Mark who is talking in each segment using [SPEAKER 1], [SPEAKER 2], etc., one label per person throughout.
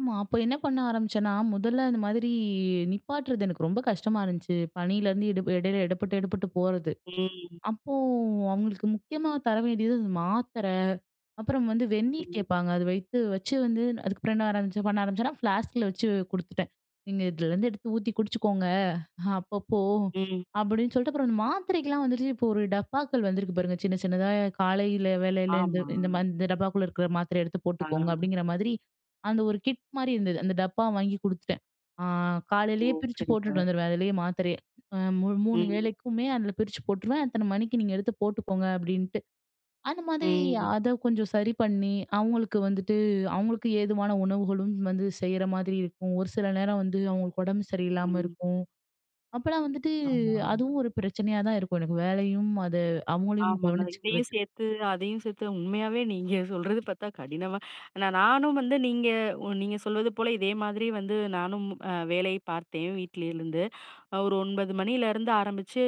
[SPEAKER 1] ஆமா. அப்ப என்ன பண்ண ஆரம்பிச்சேன்னா, மொதல்ல அந்த மாதிரி நிப்பாட்றது, எனக்கு ரொம்ப கஷ்டமா இருந்துச்சு. பனிலருந்து எட எடையில எடப்பட்டு எடபட்டு போறது.
[SPEAKER 2] ம்.
[SPEAKER 1] அப்போ அவங்களுக்கு முக்கியமா தர வேண்டியது வந்து, மாத்திர அப்புறம் வந்து வெந்நீர்
[SPEAKER 2] ம்.
[SPEAKER 1] கேட்பாங்க. அது வைத்து, வச்சு வந்து அதுக்கப்புறம் என்ன ஆரம்பிச்சு, பண்ண ஆரம்பிச்சேன்னா ஃப்ளாஸ்கில வெச்சு குடுத்துட்டேன். "நீங்க இதுலருந்து எடுத்து ஊத்தி குடிச்சுக்கோங்க அப்பப்போ"
[SPEAKER 2] ம்.
[SPEAKER 1] அப்படீன்னு சொல்லிட்டு. அப்புறம் அந்த மாத்திரைக்கில்லாம் வந்துட்டு, இப்போ ஒரு டப்பாக்கள் வந்திருக்கு பாருங்க. சின்ன, சின்னதா காலையில வேளையில "இந்த
[SPEAKER 2] ஆமா.
[SPEAKER 1] இந்த இந்த டப்பாக்குள்ள இருக்கிற மாத்திரைய எடுத்து
[SPEAKER 2] ஆ.
[SPEAKER 1] போட்டுக்கோங்க" அப்படீங்கிற மாதிரி, அந்த ஒரு கிட் மாரி இருந்தது. அந்த டப்பா வாங்கி குடுத்துட்டேன். ஆ
[SPEAKER 2] ஓ!
[SPEAKER 1] காலையிலயே பிரிச்சு போட்டுட்டு
[SPEAKER 2] சரிங்க.
[SPEAKER 1] வந்துருவேன். அதிலயே மாத்திரைய மூ 3
[SPEAKER 2] ம்.
[SPEAKER 1] வேளைக்குமே, அதில பிரிச்சு போட்டுருவேன். "அத்தன மணிக்கு நீங்க எடுத்து போட்டுக்கோங்க" அப்படீன்ட்டு. அந்த மாரி
[SPEAKER 2] ம்.
[SPEAKER 1] அத கொஞ்சம் சரி பண்ணி அவங்களுக்கு வந்துட்டு, அவங்களுக்கு ஏதுவான உணவுகளும் வந்து செய்ற மாதிரி இருக்கும். ஒரு சில நேரம் வந்து, அவங்களுக்கு ஒடம்பு சரியில்லாம
[SPEAKER 2] ம்.
[SPEAKER 1] இருக்கும். அப்பல்லாம் வந்துட்டு,
[SPEAKER 2] ஆமா.
[SPEAKER 1] அதுவும் ஒரு பிரச்சனையா தான் இருக்கும். எனக்கு வேலையும் அது அவுங்களயும்
[SPEAKER 2] ஆமா. இதையும்
[SPEAKER 1] கவனிச்சுக்கிறது.
[SPEAKER 2] சேர்த்து, அதையும் சேர்த்து உண்மையாவே நீங்க சொல்றது பார்த்தா கடினமா நான் நானும் வந்து, நீங்க நீங்க சொல்வது போல, இதே மாதிரி வந்து, நானும் வேலை பார்த்தேன் வீட்டிலிருந்து. ஒரு 9 மணியிலருந்து ஆரம்பிச்சு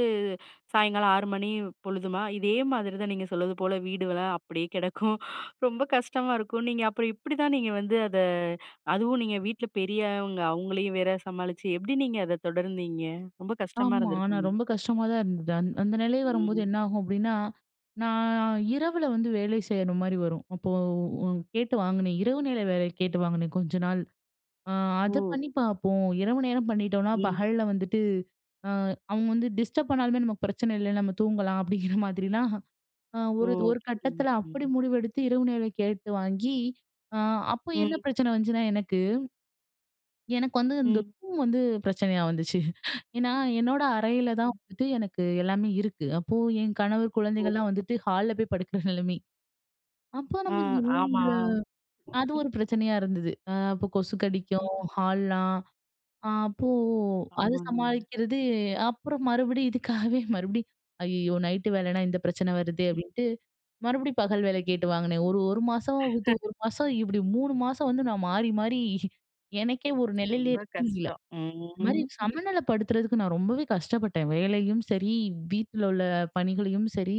[SPEAKER 2] சாயங்காலம் 6 மணி பொழுதுமா, இதே மாதிரி தான். நீங்க சொல்வது போல வீடு வேல அப்படியே கெடக்கும். ரொம்ப கஷ்டமா இருக்கும். நீங்க அப்புறம் எப்படிதான்? நீங்க வந்து, அத அதுவும் நீங்க வீட்ல பெரியவங்க அவங்களையும் வேற சமாளிச்சு, எப்படி நீங்க அத தொடர்ந்தீங்க? ரொம்ப கஷ்டமா
[SPEAKER 1] ஆமா. ஆனா,
[SPEAKER 2] இருந்திருக்குமே.
[SPEAKER 1] ரொம்ப கஷ்டமா தான் இருந்தது. அந் அந்த நிலை வரும்போது
[SPEAKER 2] ம்.
[SPEAKER 1] என்ன ஆகும்? அப்படின்னா, நான் இரவுல வந்து வேலை செய்யுற மாரி வரும். அப்போ கேட்டு வாங்கினேன். இரவு நேர வேலை கேட்டு வாங்கினேன். "கொஞ்ச நாள், ஆ அத பண்ணி
[SPEAKER 2] ஓ!
[SPEAKER 1] பார்ப்போம்" இரவு நேரம் பண்ணிட்டோனா,
[SPEAKER 2] ம்.
[SPEAKER 1] பகல்ல வந்துட்டு அ அவங்க வந்து டிஸ்டர்ப் பண்ணாலுமே நமக்கு பிரச்சன இல்ல. நம்ம தூங்கலாம் "அப்படிங்கிற மாதிரிலாம்"
[SPEAKER 2] ஓ!
[SPEAKER 1] ஒரு, ஒரு கட்டத்தில அப்படி
[SPEAKER 2] புரியுதுங்க.
[SPEAKER 1] முடிவெடுத்து. இரவு நேரம் கேட்டு வாங்கி ஆ அப்ப என்ன
[SPEAKER 2] ம்.
[SPEAKER 1] பிரச்சன வந்துச்சுன்னா எனக்கு, எனக்கு வந்து இந்த
[SPEAKER 2] ம்.
[SPEAKER 1] ரூம் வந்து பிரச்சனையா வந்துச்சு. ஏனா, என்னோட அறையில தான்
[SPEAKER 2] ம்.
[SPEAKER 1] வந்துட்டு எனக்கு எல்லாமே இருக்கு. அப்போ என் கணவர்
[SPEAKER 2] ஓ!
[SPEAKER 1] குழந்தைங்கலாம் வந்துட்டு ஹால்ல போய் படுக்கிற நிலமை. அப்ப
[SPEAKER 2] ஆ.
[SPEAKER 1] நம்ம இந்த
[SPEAKER 2] ஆமா.
[SPEAKER 1] ரூம்ல அது ஒரு பிரச்சனையா இருந்தது. ஆ அப்போ கொசு கடிக்கும்
[SPEAKER 2] ம்.
[SPEAKER 1] ஹால்லாம், அப்போ அத
[SPEAKER 2] ஆமாங்க.
[SPEAKER 1] சமாளிக்கிறது அப்புறம் மறுபடியும் இதுக்காகவே, மறுபடியும் "ஐயயோ! நைட்டு வேலைனா இந்த பிரச்சன வருதே!"
[SPEAKER 2] ம்.
[SPEAKER 1] அப்படின்ட்டு, மறுபடியும் பகல் வேலை கேட்டு வாங்கினே. ஒரு, 1 மாசம் விட்டு, 1 மாசம் இப்படி 3 மாசம் வந்து, நான் மாறி, மாறி எனக்கே ஒரு நெலையில
[SPEAKER 2] ரொம்ப
[SPEAKER 1] இருக்க முடியல.
[SPEAKER 2] கஷ்டம்.
[SPEAKER 1] இந்த மாரி
[SPEAKER 2] ம்.
[SPEAKER 1] சமநிலப்படுத்துறதுக்கு நான் ரொம்பவே கஷ்டப்பட்டேன். வேலையும் சரி, வீட்லலுள்ள பணிகளையும் சரி.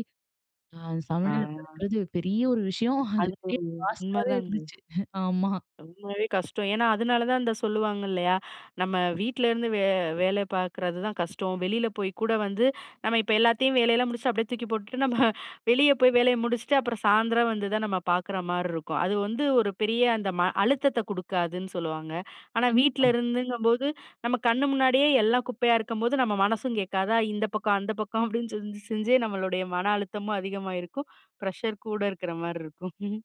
[SPEAKER 1] ஆ
[SPEAKER 2] ஆ.
[SPEAKER 1] சமநிலப்படுத்துறது பெரிய ஒரு விஷயம். அது
[SPEAKER 2] அது
[SPEAKER 1] அப்டியே பாஸ்ட்டாவே
[SPEAKER 2] உண்மதாங்க.
[SPEAKER 1] இருந்துச்சு. ஆமா.
[SPEAKER 2] உண்மையாவே கஷ்டம். ஏனா, அதனால தான் இந்த சொல்லுவாங்க இல்லையா? "நம்ம வீட்ல இருந்து வே வேலை பார்க்குறது தான் கஷ்டம்" வெளியில போய் கூட வந்து, நம்ம இப்ப எல்லாத்தையும் வேலையெல்லாம் முடிச்சுட்டு, அப்படியே தூக்கி போட்டுட்டு நம்ம வெளிய போய் வேலைய முடிச்சுட்டு, அப்புறம் சாயந்திரம் வந்து தான் நம்ம பார்க்குற மாதிரி இருக்கும். அது வந்து, ஒரு பெரிய அந்த ம அழுத்தத்த குடுக்காதுன்னு சொல்லுவாங்க. ஆனா,
[SPEAKER 1] கண்டிப்பா.
[SPEAKER 2] வீட்ல இருந்துங்கும்போது, நம்ம கண்ணு முன்னாடியே எல்லாம் குப்பையா இருக்கம்போது, நம்ம மனசும் கேட்காதா. இந்த பக்கம், அந்த பக்கம் அப்படின்னு செஞ்சு, செஞ்சே நம்மளுடைய மன அழுத்தமும் அதிகமாகயிருக்கும். ப்ரஷர் கூட இருக்கிற மாரி இருக்கும்.